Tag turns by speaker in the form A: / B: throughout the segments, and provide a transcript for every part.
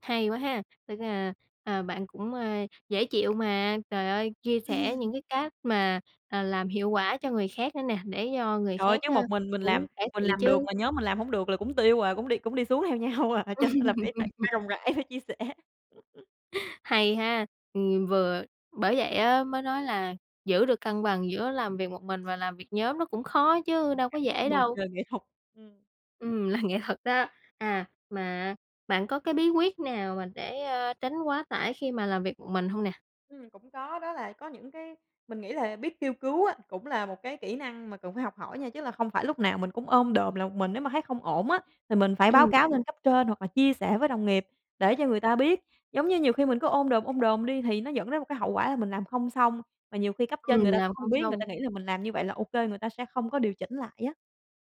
A: Hay quá ha, tức là, ờ, bạn cũng, ơ, dễ chịu mà, trời ơi, chia sẻ những cái cách mà, à, làm hiệu quả cho người khác nữa nè, để cho người
B: Trời ơi,
A: khác,
B: cái
A: ờ,
B: một mình mình
A: cũng
B: làm,
A: cải
B: mình
A: thiện
B: làm được
A: chứ.
B: mà nhóm mình làm hổng được là cũng tiêu à, cũng đi cũng đi xuống theo nhau à, cho nên là phải phải phải rộng rãi, phải chia sẻ.
A: Hay ha, ừm, vừa bởi vậy á mới nói là giữ được cân bằng giữa làm việc một mình và làm việc nhóm nó cũng khó chứ đâu có
B: [unintelligible]
A: dễ
B: bầu
A: đâu.
B: trời nghệ thuật. Ừm.
A: Ừm, là nghệ thuật đó, à, mà, à, bạn có cái bí quyết nào mà để, a, tránh quá tải khi mà làm việc một mình hông nè?
B: Ừm, cũng có, đó là có những cái mình nghĩ là biết kêu cứu á, cũng là một cái kỹ năng mà cần phải học hỏi nha, chứ là không phải lúc nào mình cũng ôm đồm là một mình, nếu mà thấy không ổn á, thì mình phải báo
A: Ừm.
B: cáo lên cấp trên, hoặc là chia sẻ với đồng nghiệp để cho người ta biết. Giống như nhiều khi mình cứ ôm đồm, ôm đồm đi, thì nó dẫn đến một cái hậu quả là mình làm không xong, mà nhiều khi cấp trên
A: Ừm,
B: người ta cũng
A: làm
B: không
A: không
B: biết, người ta
A: xong.
B: nghĩ là mình làm như vậy là OK, người ta sẽ không có điều chỉnh lại á.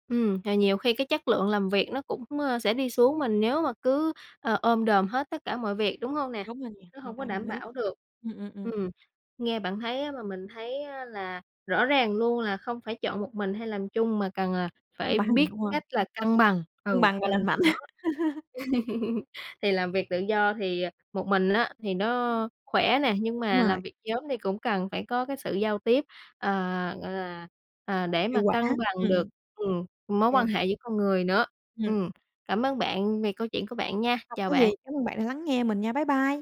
A: Ừm, và nhiều khi cái chất lượng làm việc nó cũng, a, sẽ đi xuống, mà nếu mà cứ, a, ôm đồm hết tất cả mọi việc, đúng hông nè?
B: Đúng rồi nha,
A: Nó
B: hoàn
A: hông có
B: toàn đồng
A: đảm
B: ý.
A: bảo được.
B: Ừm, ừm, ừm.
A: Ừm, nghe bạn thấy á mà mình thấy á là rõ ràng luôn là không phải chọn một mình hay làm chung, mà cần, à,
B: Cân
A: phải
B: bằng,
A: biết
B: đúng rồi.
A: cách là cân bằng,
B: Cân
A: ừ,
B: bằng và
A: cân
B: lành
A: bằng
B: mạnh.
A: nó. Thì làm việc tự do thì, à, một mình á thì nó khỏe nè, nhưng
B: Đúng
A: mà
B: rồi.
A: làm việc nhóm thì cũng cần phải có cái sự giao tiếp, à, gọi là, à, để
B: Hiệu
A: mà
B: quả,
A: cân bằng
B: ừm,
A: được,
B: ừm.
A: ừm, mối quan
B: Yeah.
A: hệ giữa con người nữa.
B: Ừm.
A: Ừm, cảm ơn bạn vì câu chuyện của bạn nha,
B: Không
A: chào
B: có gì,
A: bạn.
B: cám ơn bạn đã lắng nghe mình nha. Bye bye.